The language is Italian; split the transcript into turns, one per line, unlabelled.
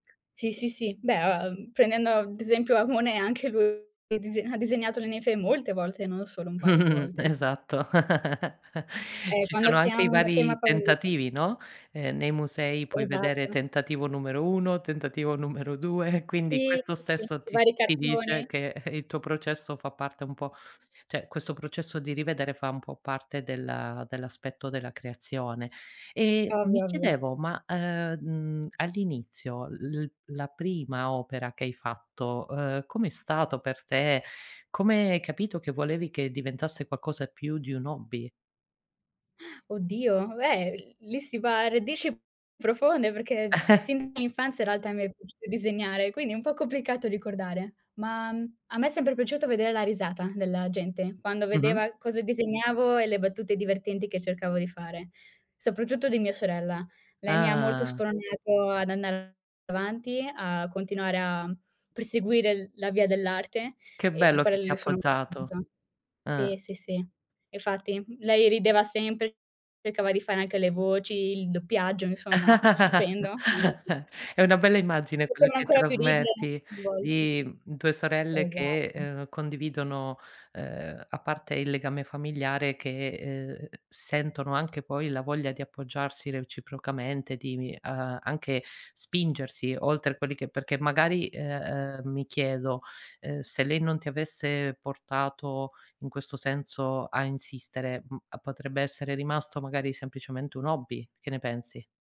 Sì, sì, sì. Beh, uhm, prendendo ad esempio a Monet, anche lu è dise ha disegnato le ninfee molte volte, non solo un paio di volte.
Esatto.
Eh,
Ci
quando
sono
si ha
anche i
un tema
vari
favorito
tentativi, no: ehm, nei musei puoi vedere
Esatto.
tentativo numero 1, tentativo numero 2, quindi
Sì,
questo
sì,
stesso
i
ti
vari
ti dice
cartoni.
che, eh, il tuo processo fa parte un po' cioè questo processo di rivedere fa un po' parte della dell'aspetto della creazione. E
Ah,
mi
guarda.
chiedevo, ma, ehm, mhmm, all'inizio l l la prima opera che hai fatto, uhm, com'è stato per te, come hai capito che volevi che diventasse qualcosa più di un hobby?
Oddio, beh, lì si va a radici profonde, perché sin l'infanzia in realtà mi è piaciuto disegnare, quindi è un po' complicato ricordare. Ma, mhmm, a me è sempre piaciuto veder la risata della gente, quando
Mh-mh.
vedeva cosa disegnavo e le battute divertenti che cercavo di fare; soprattutto di mia sorella. Lei mi ha molto
Ah-ah.
spronato ad andare avanti, a continuare a perseguire l la via dell'arte
Che
e di
bello
quello
che ti ha
le sono
appoggiato.
[unintelligible]
Eh.
sì, sì, sì. Infatti lei rideva sempre, cercava di fare anche le voci, il doppiaggio, insomma, stupendo. [unintelligible]
È una bella immagine quella
Facevano
che
ancora più ridere
trasmetti,
[unintelligible] volte.
di, mhmm, 2 sorelle che,
Esatto.
ehm, condividono, ehm, a parte il legame familiare, che, ehm, sentono anche poi la voglia di appoggiarsi reciprocamente, di vi ehm, anche spingersi oltre quelli che perché magari, ehm, ehm, mi chiedo, ehm, se lei non ti avesse portato, in questo senso, a insistere, mhmm, a potrebbe essere rimasto magari semplicemente un hobby, che ne pensi?